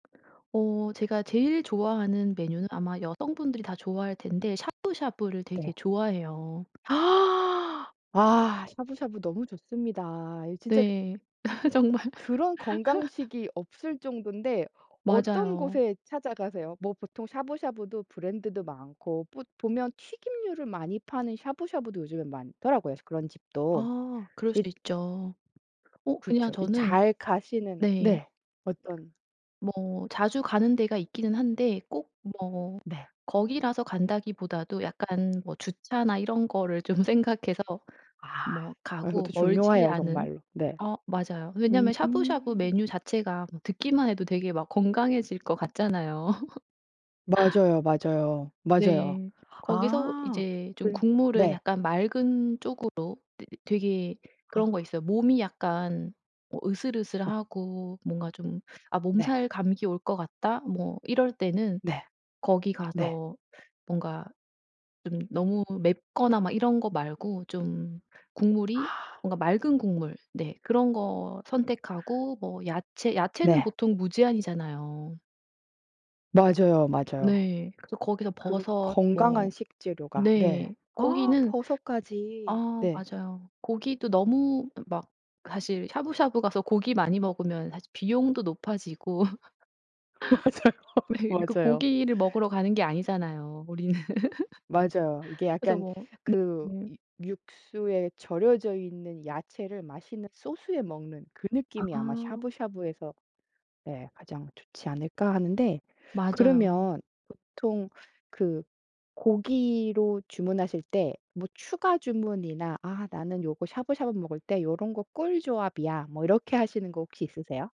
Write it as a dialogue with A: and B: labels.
A: 어 제가 제일 좋아하는 메뉴는 아마 여성분들이 다 좋아할 텐데 샤브샤브를 되게
B: 네.
A: 좋아해요.
B: 아 샤브샤브 너무 좋습니다. 이거 진짜
A: 네. 정말.
B: 그런 건강식이 없을 정도인데 어떤
A: 맞아요.
B: 곳에 찾아가세요? 뭐 보통 샤브샤브도 브랜드도 많고 뿌 보면 튀김류를 많이 파는 샤브샤브도 요즘에 많더라고요. 그런 집도.
A: 아 그럴 수
B: 이
A: 있죠. 어 그냥
B: 그렇죠. 이
A: 저는
B: 잘 가시는
A: 네.
B: 네. 어떤
A: 뭐 자주 가는 데가 있기는 한데 꼭 뭐
B: 네.
A: 거기라서 간다기보다도 약간 뭐 주차나 이런 거를 좀 생각해서
B: 아
A: 뭐
B: 아
A: 가고,
B: 이것도
A: 멀지
B: 중요해요
A: 않은
B: 정말로. 네.
A: 어 맞아요.
B: 음.
A: 왜냐면 샤브샤브 메뉴 자체가 뭐 듣기만 해도 되게 막 건강해질 것 같잖아요.
B: 맞아요, 맞아요. 맞아요.
A: 네. 거기서
B: 아
A: 이제 좀
B: 그
A: 국물을
B: 네.
A: 약간 맑은 쪽으로. 이 되게 그런 거
B: 아.
A: 있어요. 몸이 약간 어
B: 어.
A: 으슬으슬하고 뭔가 좀 '아
B: 네.
A: 몸살 감기 올 것 같다.' 뭐 이럴 때는
B: 네.
A: 거기
B: 네.
A: 가서 뭔가 좀 너무 맵거나
B: 포
A: 막 이런 거 말고 좀 국물이
B: 아.
A: 뭔가 맑은 국물 네 그런 거 선택하고 뭐 야채, 야채는
B: 네.
A: 보통 무제한이잖아요.
B: 맞아요, 맞아요.
A: 네. 그래서 거기서
B: 그르
A: 버섯
B: 건강한
A: 뭐
B: 식재료가 네.
A: 네.
B: 아
A: 고기는
B: 버섯까지.
A: 아
B: 네.
A: 맞아요. 고기도 너무 뭐 막 사실 샤브샤브 가서 고기 많이 먹으면 사실 비용도 높아지고
B: 맞아요,
A: 왜 그니까
B: 맞아요.
A: 고기를 먹으러 가는 게 아니잖아요. 우리는.
B: 맞아요. 이게
A: 그래서
B: 약간
A: 뭐
B: 그
A: 네네.
B: 유 육수에 절여져 있는 야채를 맛있는 소스에 먹는 그 느낌이 아마
A: 아.
B: 샤브샤브에서 네 가장 좋지 않을까 하는데.
A: 맞아요.
B: 그러면 보통 그 고기로 주문하실 때 뭐 추가 주문이나 '아 나는 요거 샤브샤브 먹을 때 요런 거 꿀 조합이야.' 뭐 이렇게 하시는 거 혹시 있으세요?